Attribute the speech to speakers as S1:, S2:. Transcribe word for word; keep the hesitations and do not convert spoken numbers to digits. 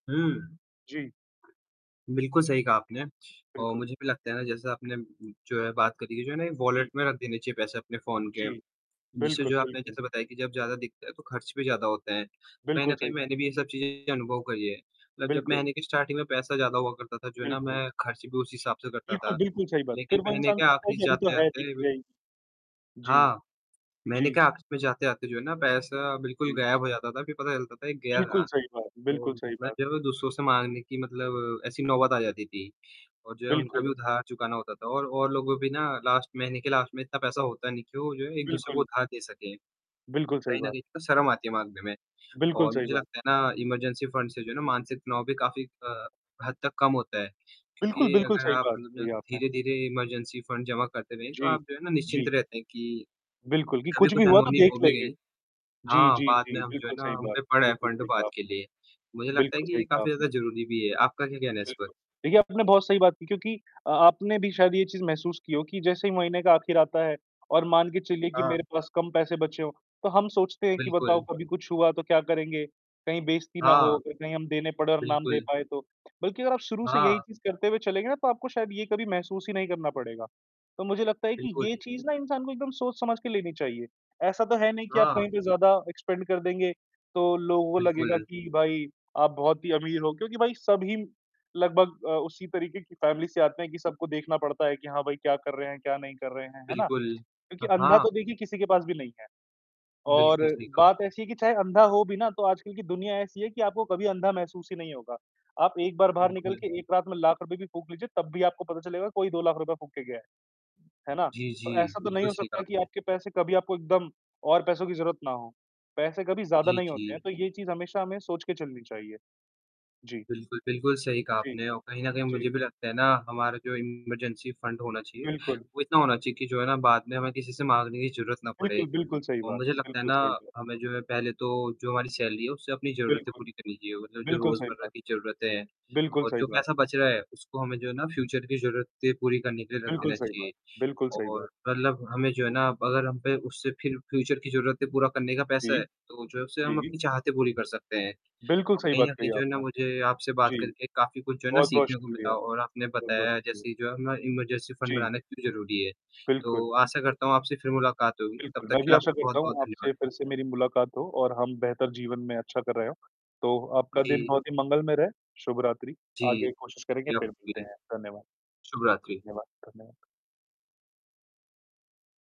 S1: हुँ।
S2: जी।
S1: बिल्कुल सही कहा आपने। और
S2: बिल्कुल।
S1: मुझे भी लगता है ना जैसे आपने जो है बात करी है जो है ना वॉलेट
S2: जी।
S1: में रख देने चाहिए पैसे अपने फ़ोन के।
S2: जी।
S1: जिससे
S2: बिल्कुल,
S1: जो है आपने
S2: बिल्कुल।
S1: जैसे बताया कि जब ज़्यादा दिखता है, तो खर्च भी ज़्यादा होते हैं। कहीं न
S2: बिल्कुल सही
S1: कहीं
S2: बात।
S1: मैंने भी ये सब चीज़ें अनुभव करी है, मतलब जब
S2: बिल्कुल।
S1: महीने की स्टार्टिंग में पैसा ज़्यादा हुआ करता था जो है ना
S2: बिल्कुल।
S1: मैं खर्च भी उस हिसाब से करता
S2: बिल्कुल,
S1: था।
S2: बिल्कुल सही बात। फिर
S1: लेकिन
S2: वो
S1: महीने
S2: इंसान
S1: के
S2: सोचता है
S1: आखिर
S2: कि अभी तो
S1: जाते
S2: है
S1: जाते
S2: देखी
S1: बिल
S2: जाएगी। जी।
S1: हाँ। महीने के
S2: जी।
S1: आख़िर में जाते-जाते जो है ना पैसा बिल्कुल
S2: जी।
S1: गायब हो जाता था। फिर पता चलता था कि गया
S2: बिल्कुल
S1: कहाँ,
S2: सही बात
S1: तो
S2: बिल्कुल सही
S1: मैं
S2: बात।
S1: जब दूसरों से माँगने की मतलब ऐसी नौबत आ जाती थी, और जो है उनका
S2: बिल्कुल।
S1: भी उधार चुकाना होता था और, और लोगों भी ना
S2: बिल्कुल।
S1: लास्ट महीने के लास्ट में इतना पैसा होता है नहीं कि वो जो है एक-दूसरे को
S2: बिल्कुल।
S1: उधार दे सकें।
S2: बिल्कुल सही
S1: कहीं न
S2: बात।
S1: कहीं तो शर्म आती है माँगने में,
S2: बिल्कुल
S1: और
S2: सही
S1: मुझे
S2: बात।
S1: लगता है ना इमरजेंसी फंड से जो है ना मानसिक तनाव भी काफ़ी अ, हद तक कम होता है।
S2: बिल्कुल,
S1: क्योंकि
S2: बिल्कुल,
S1: अगर
S2: सही
S1: आप
S2: बात
S1: मतलब ज
S2: कही आपने।
S1: धीरे-धीरे इमरजेंसी फंड जमा करते रहें, तो
S2: जी।
S1: आप जो है ना निश्चिंत
S2: जी।
S1: रहते हैं कि,
S2: बिल्कुल, कि
S1: कभी
S2: कुछ
S1: कुछ
S2: भी हुआ तो
S1: अनहोनी
S2: देख
S1: हो भी
S2: लेंगे।
S1: गई
S2: जी,
S1: हाँ,
S2: जी,
S1: बाद
S2: जी,
S1: में हम जो है
S2: बिल्कुल
S1: ना,
S2: सही
S1: हम
S2: बात,
S1: पे पड़ा है
S2: बिल्कुल
S1: फंड
S2: सही
S1: बाद
S2: कहा
S1: के लिए।
S2: आपने
S1: मुझे लगता है
S2: बिल्कुल
S1: कि
S2: सही
S1: ये
S2: कहा
S1: काफ़ी ज़्यादा
S2: आपने।
S1: ज़रूरी भी है। आपका क्या कहना है इस पर?
S2: बिल्कुल। देखिए आपने ना बहुत सही बात की क्योंकि अ, आपने भी शायद ये चीज़ महसूस की हो कि जैसे ही महीने का आखिर आता है, और मान के चलिए कि
S1: हाँ।
S2: मेरे पास कम पैसे बचे हो, तो हम सोचते हैं कि बताओ
S1: बिल्कुल।
S2: कभी कुछ हुआ तो क्या करेंगे, कहीं बेइज्जती ना हो
S1: हाँ।
S2: अगर कहीं हम देने पड़ और ना हम दे
S1: बिल्कुल।
S2: पाएँ तो। बल्कि अगर आप शुरू से यही
S1: हाँ।
S2: चीज़ करते हुए चलेंगे ना तो आपको शायद ये कभी महसूस ही नहीं करना पड़ेगा। तो मुझे लगता है कि
S1: बिल्कुल।
S2: ये चीज़ ना इंसान को एकदम सोच-समझ के लेनी चाहिए। ऐसा तो है नहीं कि आप
S1: हाँ।
S2: कहीं पे ज़्यादा स्पेंड कर देंगे, तो लोगों को लगेगा
S1: बिल्कुल।
S2: कि भाई, आप बहुत ही अमीर हो क्योंकि भाई सभी, लगभग अ, उसी तरीके की फ़ैमिली से आते हैं कि सबको देखना पड़ता है कि हाँ, भाई क्या कर रहे हैं, क्या नहीं कर रहे हैं, है ना?
S1: बिल्कुल।
S2: क्योंकि
S1: हाँ,
S2: अंधा
S1: हाँ।
S2: तो देखिए किसी के पास भी नहीं है, और
S1: बिल्कुल सही कहा।
S2: बात ऐसी है कि चाहे अंधा हो भी ना, तो आजकल की दुनिया ऐसी है कि आपको कभी अंधा महसूस ही नहीं होगा। आप एक बार बाहर निकल
S1: बिल्कुल।
S2: के एक रात में लाख रुपए भी फूँक लीजिए तब भी आपको पता चलेगा कोई दो लाख रुपए फूँक के गया है। है ना?
S1: जी, जी।
S2: तो, ऐसा तो नहीं
S1: बिल्कुल
S2: हो
S1: सही कहा
S2: सकता कि
S1: आपने।
S2: आपके पैसे कभी आपको एकदम और पैसों की ज़रूरत ना हो। पैसे कभी ज़्यादा
S1: जी,
S2: नहीं होते हैं,
S1: जी।
S2: तो ये चीज़ हमेशा हमें सोच के चलनी चाहिए। जी।
S1: बिल्कुल, बिल्कुल, सही कहा
S2: जी।
S1: आपने और कहीं न कहीं
S2: जी।
S1: मुझे भी लगता है ना, हमारा जो इमरजेंसी फंड होना चाहिए,
S2: बिल्कुल।
S1: वो इतना होना चाहिए कि जो है ना बाद में हमें किसी से माँगने की ज़रूरत ना पड़े।
S2: बिल्कुल, बिल्कुल सही
S1: और
S2: बात
S1: मुझे लगता है
S2: बिल्कुल
S1: ना,
S2: सही बात।
S1: हमें जो है पहले तो जो हमारी सैलरी है, उससे अपनी ज़रूरतें
S2: बिल्कुल।
S1: पूरी करनी चाहिए मतलब जो
S2: बिल्कुल सही
S1: रोज़मर्रा
S2: बात
S1: की ज़रूरतें हैं
S2: बिल्कुल
S1: और
S2: सही
S1: जो
S2: बात।
S1: पैसा बच रहा है उसको हमें जो है ना फ्यूचर की ज़रूरतें पूरी करने के लिए रख
S2: बिल्कुल
S1: देना
S2: सही
S1: चाहिए।
S2: बात, बिल्कुल सही बात।
S1: और मतलब हमें जो है ना अगर हम पे उससे फिर फ्यूचर की ज़रूरतें पूरा करने का पैसा
S2: जी।
S1: है, तो जो है उससे हम
S2: जी।
S1: अपनी चाहतें पूरी कर सकते हैं।
S2: बिल्कुल
S1: अ,
S2: सही
S1: कहीं
S2: बात
S1: न
S2: कही
S1: कहीं जो है ना
S2: आपने।
S1: मुझे आपसे बात
S2: जी।
S1: करके काफ़ी कुछ जो है ना
S2: बहुत-बहुत
S1: सीखने को
S2: शुक्रिया
S1: मिला और आपने
S2: बहुत-बहुत
S1: बताया
S2: शुक्रिया।
S1: जैसे जो अपना इमरजेंसी फंड
S2: जी।
S1: बनाना क्यों ज़रूरी है।
S2: बिल्कुल।
S1: तो आशा करता हूँ आपसे फिर मुलाकात होगी, तब
S2: बिल्कुल,
S1: तक
S2: मैं
S1: के
S2: भी
S1: लिए
S2: आशा
S1: आपका
S2: करता
S1: बहुत-बहुत
S2: हूँ
S1: धन्यवाद।
S2: आपसे फिर से मेरी मुलाकात हो और हम बेहतर जीवन में अच्छा कर रहे हो, तो आपका दिन
S1: जी।
S2: बहुत ही मंगलमय रहे, शुभ रात्रि।
S1: जी।
S2: आगे कोशिश करेंगे,
S1: या
S2: फिर मिलते
S1: कि
S2: हैं, धन्यवाद।
S1: शुभरात्रि।
S2: धन्यवाद, धन्यवाद।